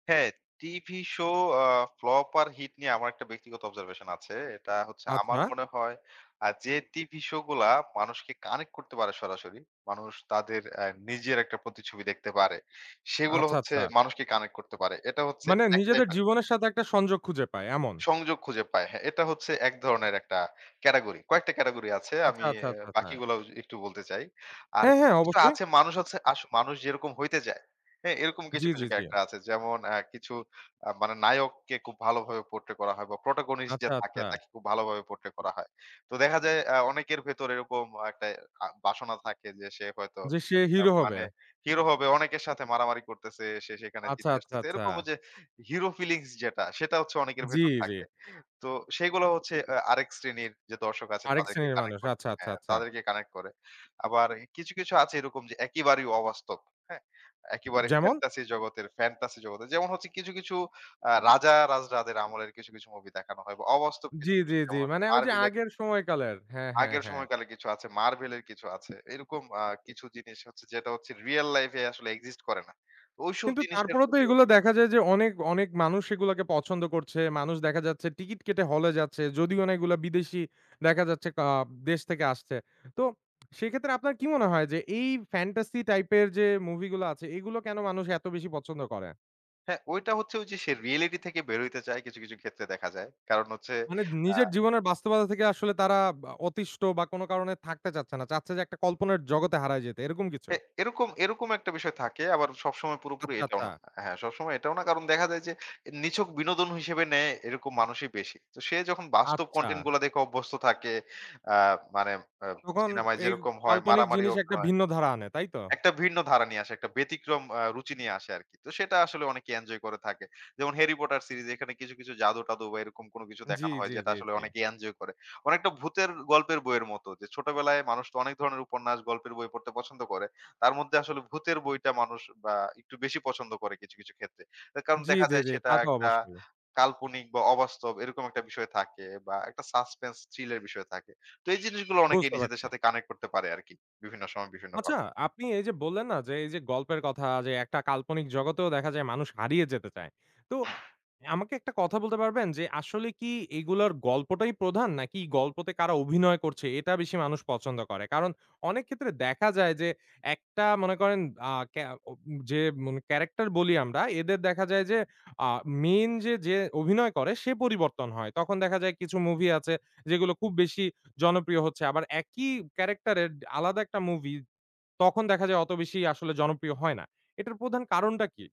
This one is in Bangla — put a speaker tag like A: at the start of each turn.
A: হ্যাঁ, টিভি "শো" আ ফ্লপ আর হিট নিয়ে, আমার একটা ব্যক্তিগত Observation আছে। এটা হচ্ছে আমার
B: আচ্ছা।
A: মনে হয় আ যে, টিভি "শো" গুলা মানুষকে কানেক্ট করতে পারে সরাসরি, মানুষ তাদের এ নিজের একটা প্রতি ছবি দেখতে পারে। সেগুলো
B: আচ্ছা,
A: হচ্ছে
B: আচ্ছা।
A: মানুষকে কানেক্ট করতে পারে। এটা হচ্ছে
B: মানে
A: ১
B: নিজেদের
A: টাইপের
B: জীবনের সাথে একটা সংযোগ খুঁজে পায়, এমন?
A: সংযোগ খুঁজে পায়। হ্যাঁ, এটা হচ্ছে ১ ধরনের একটা category কয়েকটা category আছে।
B: আচ্ছা,
A: আমি
B: আচ্ছা,
A: অ্যা
B: আচ্ছা, আচ্ছা।
A: বাকিগুলাও জু একটু বলতে চাই। আর
B: হ্যাঁ,
A: কিছু,
B: হ্যাঁ
A: কিছু
B: অবশ্যই।
A: আছে মানুষ হচ্ছে আস মানুষ যেরকম হইতে যায়, হ্যাঁ, এরকম কিছু,
B: জ্বী,
A: কিছু
B: জ্বী, জ্বী।
A: character আছে। যেমন অ্যা কিছু আ মানে নায়ককে খুব ভালোভাবে Portray করা হয় বা Protagonist যে
B: আচ্ছা,
A: থাকে,
B: আচ্ছা।
A: তাকে খুব ভালোভাবে Portray করা হয়। তো দেখা যায় আ অনেকের ভেতর এরকম একটা আ বাসনা থাকে যে, সে হয়তো
B: যে সে
A: আ
B: হিরো হবে?
A: মানে হিরো হবে, অনেকের সাথে মারামারি করতেছে। সে সেখানে
B: আচ্ছা,
A: জিতে
B: আচ্ছা,
A: আসতেছে।
B: আচ্ছা।
A: এরকমও যে হিরো ফিলিংস যেটা, সেটা হচ্ছে অনেকের
B: জ্বী,
A: ভেতর
B: জ্বী।
A: থাকে। তো সেগুলা হচ্ছে অ্যা আরেক শ্রেণীর যে দর্শক আছে,
B: আরেক
A: তাদেরকে
B: শ্রেণীর মানুষ
A: কানেক্ট করে,
B: আচ্ছা, আচ্ছা,
A: হ্যাঁ,
B: আচ্ছা।
A: তাদেরকে কানেক্ট করে। আবারই কিছু, কিছু আছে এরকম যে একেবারেই অবাস্তব। হ্যাঁ? একেবারে
B: যেমন?
A: fantasy জগতের fantasy জগতের। যেমন হচ্ছে কিছু, কিছু আ রাজা রাজরাদের আমলের কিছু, কিছু মুভি দেখানো হয় বা অবাস্তব
B: জ্বী,
A: কিছু, কিছু
B: জ্বী, জ্বী।
A: যেমন হচ্ছে
B: মানে ওই যে
A: "মার্ভেলের"
B: আগের সময়কালের হ্যাঁ, হ্যাঁ,
A: আগের
B: হ্যাঁ।
A: সময়কালে কিছু আছে, "মার্ভেলের" কিছু আছে। এরকম আ কিছু জিনিস হচ্ছে যেটা হচ্ছে রিয়াল লাইফ এ আসলে এক্সিস্ট করে না। ঐসব
B: কিন্তু
A: জিনিসের
B: তারপরও তো,
A: প্রতি
B: এগুলো
A: অসম্ভব
B: দেখা যায় যে অনেক, অনেক মানুষ এগুলাকে পছন্দ করছে। মানুষ দেখা যাচ্ছে টিকিট কেটে হলে যাচ্ছে, যদিও না এগুলা বিদেশি দেখা যাচ্ছে আ দেশ থেকে আসছে। তো সেক্ষেত্রে আপনার কি মনে হয়? যে, এই Fantasy type এর যে মুভি গুলো আছে, এগুলো কেন মানুষ এত বেশি পছন্দ করে?
A: হ্যাঁ, ওইটা হচ্ছে ঐযে সে রিয়েলিটি থেকে বের হইতে চায়, কিছু, কিছু ক্ষেত্রে দেখা যায়। কারণ হচ্ছে
B: মানে
A: আ
B: নিজের জীবনের বাস্তবতা থেকে আসলে তারা বা অতিষ্ট বা কোনো কারণে থাকতে চাচ্ছে না। চাচ্ছে যে একটা কল্পনা জগতে হারায় যেতে, এরকম কিছু?
A: এ এরকম, এরকম ১ টা বিষয় থাকে। আবার সবসময় পুরোপুরি
B: আচ্ছা,
A: এটাও
B: আচ্ছা।
A: না। হ্যাঁ, সবসময় এটাও না, কারণ দেখা যায় যে, নিছক বিনোদন হিসেবে নেয়, এরকম মানুষই বেশি। তো সে যখন বাস্তব
B: আচ্ছা।
A: Content গুলা দেখে অভ্যস্ত থাকে, আ মানে অ
B: তখন
A: সিনেমায়
B: এই
A: যেরকম হয়
B: কাল্পনিক
A: মারামারি
B: জিনিস ১ টা
A: অভিনয়
B: ভিন্ন ধারা আনে। তাই তো?
A: একটা ভিন্ন ধারা নিয়ে আসে, একটা ব্যতিক্রম আ রুচি নিয়ে আসে আরকি। তো সেটা আসলে অনেকে এনজয় করে থাকে। যেমন "হ্যারি পটার সিরিজ" এখানে কিছু, কিছু জাদু-টাদু বা এরকম কোন কিছু
B: জ্বী,
A: দেখানো হয়,
B: জ্বী,
A: যেটা
B: জ্বী,
A: আসলে
B: জ্বী।
A: অনেকেই এনজয় করে। অনেকটা ভূতের গল্পের বইয়ের মতো যে, ছোটবেলায় মানুষ তো অনেক ধরনের উপন্যাস, গল্পের বই পড়তে পছন্দ করে। তার মধ্যে আসলে ভূতের বইটা মানুষ বা একটু বেশি পছন্দ করে কিছু, কিছু ক্ষেত্রে। অ্যা কারণ
B: জ্বী,
A: দেখা
B: জ্বী,
A: যায়
B: জ্বী।
A: সেটা
B: তা তো
A: একটা
B: অবশ্যই।
A: কাল্পনিক বা অবাস্তব, এরকম একটা বিষয় থাকে বা একটা Suspense chill এর বিষয় থাকে। তো এই জিনিসগুলা অনেকে
B: বুঝতে
A: নিজেদের
B: পারছি।
A: সাথে কানেক্ট করতে পারে আরকি, বিভিন্ন সময়, বিভিন্ন ভাবে।
B: আচ্ছা, আপনি এই যে বললেন না যে, এই যে গল্পের কথা যে, একটা কাল্পনিক জগতেও দেখা যায় মানুষ হারিয়ে যেতে চায়। তো আমাকে ১ টা কথা বলতে পারবেন? যে আসলে কি এগুলার গল্পটাই প্রধান, নাকি গল্পতে কারা অভিনয় করছে, এটা বেশি মানুষ পছন্দ করে? কারণ অনেক ক্ষেত্রে দেখা যায় যে একটা মনে করেন আ কে আ উম যে মন ক্যারাক্টার বলি আমরা, এদের দেখা যায় যে, আ মেইন যে, যে অভিনয় করে, সে পরিবর্তন হয়। তখন দেখা যায় কিছু মুভি আছে, যেগুলো খুব বেশি জনপ্রিয় হচ্ছে। আবার একই ক্যারাক্টার এর ডে আলাদা একটা মুভি, তখন দেখা যায় অত বেশি আসলে জনপ্রিয় হয় না। এটার প্রধান কারণটা কি?